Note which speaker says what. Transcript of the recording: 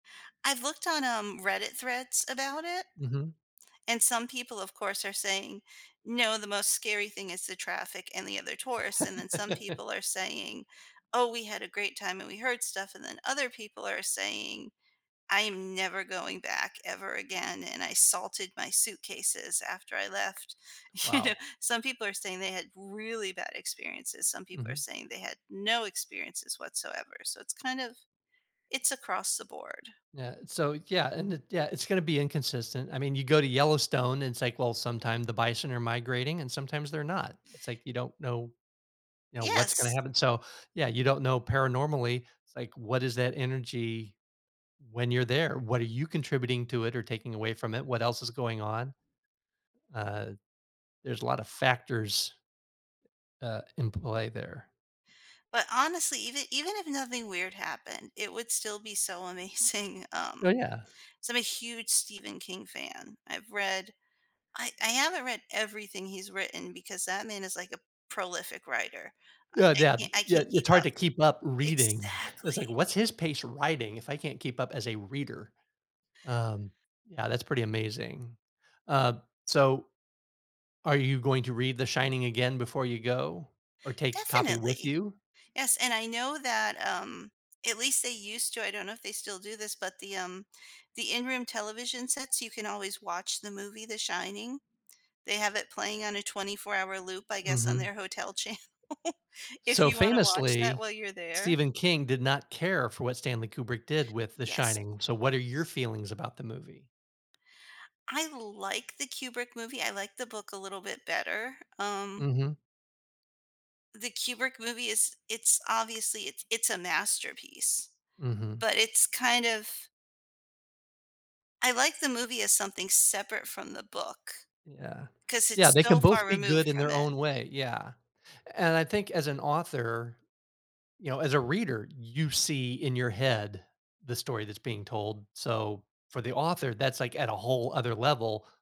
Speaker 1: I've looked on, um, Reddit threads about it,
Speaker 2: Mhm.
Speaker 1: and some people, of course, are saying, "No, the most scary thing is the traffic and the other tourists," and then some people are saying, "Oh, we had a great time, and we heard stuff," and then other people are saying, "I am never going back ever again, and I salted my suitcases after I left," you know,
Speaker 2: Wow.
Speaker 1: some people are saying they had really bad experiences, some people are
Speaker 2: Mhm.
Speaker 1: saying, "They had no experiences whatsoever," so it's kind of it's across the board.
Speaker 2: Yeah, so yeah, and it yeah, it's gonna be inconsistent, I mean, you go to Yellowstone, and it's like, well, sometimes the bison are migrating, and sometimes they're not, it's like, you don't know, you know, what's gonna
Speaker 1: Yes.
Speaker 2: happen, so yeah, you don't know paranormally like, what is that energy when you're there, what are you contributing to it or taking away from it, what else is going on, uh, there's a lotta factors uh, in play there.
Speaker 1: But honestly, even even if nothing weird happened, it would still be so amazing,
Speaker 2: Oh,
Speaker 1: um,
Speaker 2: yeah.
Speaker 1: so, I'm a huge Stephen King fan, I've read I I haven't read everything he's written because that man is like a prolific writer, I
Speaker 2: Uh, Yeah,
Speaker 1: ca I
Speaker 2: yeah,
Speaker 1: can't keep
Speaker 2: it's hard
Speaker 1: up.
Speaker 2: to keep up reading, it's like,
Speaker 1: Exactly!
Speaker 2: what's his pace writing, if I can't keep up as a reader? Um, yeah, that's pretty amazing. Uh, so, are you going to read The Shining again before you go, or take a copy with
Speaker 1: Definitely.
Speaker 2: you?
Speaker 1: Yes, and I know that, um, at least they used to, I don't know if they still do this, but the, um the in-room television sets, you can always watch the movie, The Shining, they have it playing on a 24 hour loop, I guess, on
Speaker 2: Mhm.
Speaker 1: their hotel channel, if
Speaker 2: So
Speaker 1: you wanna watch that
Speaker 2: famously
Speaker 1: while you're there.
Speaker 2: Stephen King did not care for what Stanley Kubrick did with The
Speaker 1: Yes.
Speaker 2: Shining, so, what are your feelings about the movie?
Speaker 1: I like the Kubrick movie, I like the book a little bit better, um
Speaker 2: Mhm.
Speaker 1: the Kubrick movie is it's obviously it's it's a masterpiece,
Speaker 2: Mhm.
Speaker 1: but it's kind of I like the movie as something separate from the book,
Speaker 2: Yeah.
Speaker 1: 'cause
Speaker 2: Yeah,
Speaker 1: it's
Speaker 2: they can
Speaker 1: so far
Speaker 2: both be good
Speaker 1: removed
Speaker 2: in
Speaker 1: from
Speaker 2: their
Speaker 1: it.
Speaker 2: own way, yeah, and I think as an author you know, as a reader, you see in your head the story that's being told, so, for the author that's like, at a whole other level